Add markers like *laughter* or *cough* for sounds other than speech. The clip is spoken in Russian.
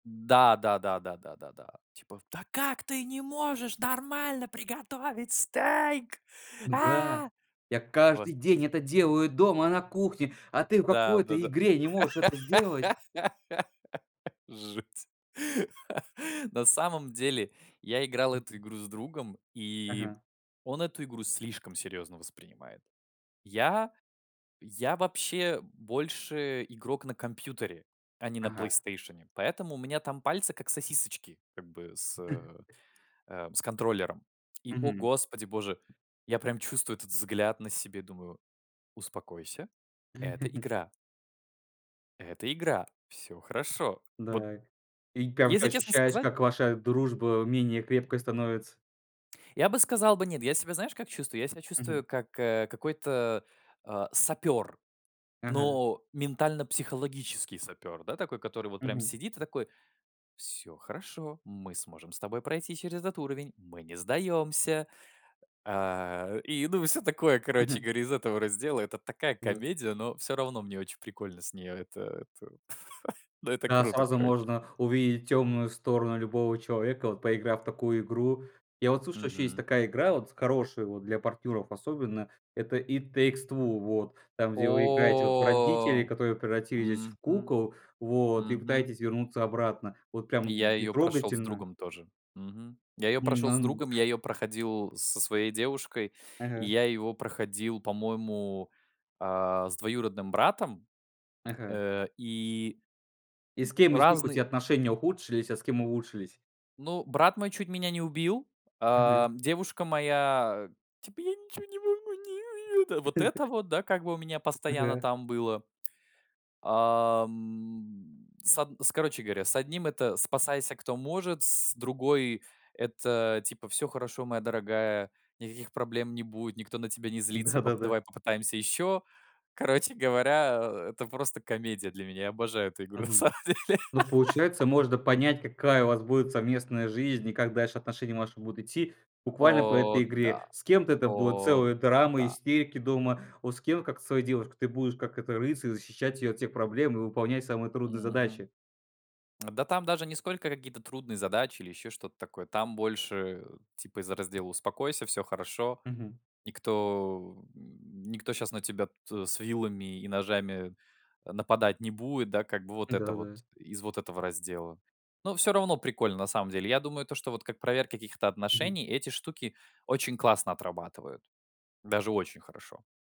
Да да да да да да да! Типа: "Да как ты не можешь нормально приготовить стейк, М-да! а!" Я каждый день Господи. это делаю дома на кухне, а ты в Да, какой-то да-да. игре не можешь это сделать! *laughs* Жуть. На самом деле я играл эту Мгм. игру с другом, и Ага. он эту игру слишком серьезно воспринимает. Я я вообще больше игрок на компьютере, а не на Ага. "Плейстейшене". Поэтому у меня там пальцы как сосисочки, как бы с э, *chuckles* э, с контроллером. И о Мгм. господи боже, я прям чувствую этот взгляд на себе, думаю: "Успокойся, это *laughs* игра". "Это игра! Всё хорошо!" Вот, Дак, и прям ты если честно ощущаешь, сказать как ваша дружба менее крепкой становится? Я бы сказал бы: "Нет". Я себя знаешь как чувствую? Я себя Мгм. чувствую как, э, какой-то, а, сапер. Ага. Но ментально-психологический сапер, да, такой, который вот прям Мгм. сидит и такой: "Всё хорошо, мы сможем с тобой пройти через этот уровень. Мы не сдаемся". Э, и, ну, всё такое, короче Мгм. говоря, из этого раздела. Это такая Да. комедия, но всё равно мне очень прикольно с нее. Это это *chuckles* ну, это Да, круто, сразу короче! можно увидеть темную сторону любого человека, вот поиграв в такую игру. Я вот слышал, еще есть Мгм. такая игра вот с хорошей, вот для партнеров особенно. Это "It Takes Two", вот. Там, где вы играете вот в родителей, О! которые превратились в Мгм кукол, вот. И мгм. пытаетесь вернуться обратно. Вот прям, И я м, и её прошел с трогательно. другом тоже. Мгм. Я ее прошел с другом, *unintelligible* я ее проходил со своей девушкой и Ага. я его проходил по-моему, а, с двоюродным братом, Ага. э, и И с кем из них у разный тебя отношения ухудшились, а с кем улучшились? Ну, брат мой чуть меня не убил. Мгм. Ам, девушка моя типа: "Я ничё не могу, не у это". Вот это *chuckles* вот, да, как бы у меня постоянно Ага! там было. Ам, с од с короче говоря: с одним это "спасайся кто может". С другой это типа: "Всё хорошо, моя дорогая! Никаких проблем не будет, никто на тебя не злится. Поп Да-да-да! давай попытаемся еще". Короче говоря, э, это просто комедия для меня. Я обожаю эту игру на Мгм. самом деле! Ну, *laughs* получается, можно понять, какая у вас будет совместная жизнь и как дальше отношения ваши будут идти буквально по О этой игре. да! С кем-то это будет О целая драма, да! истерики дома. О с кем, как со своей девушкой, ты будешь, как этот рыцарь, защищать ее от всех проблем и выполнять самые трудные Мгм. задачи! Да там даже не сколько какие-то трудные задачи или еще что-то такое, там больше, э, типа из раздела: "Успокойся, все хорошо". Мгм. Никто, м, никто щас на тебя тут, э, с вилами и ножами нападать не будет. Да, как бы, вот это вот. Да-да. Из вот этого раздела. Но все равно прикольно на самом деле. Я думаю, то, что вот как проверка каких-то Мгм. отношений- эти штуки очень классно отрабатывают! Даже очень хорошо!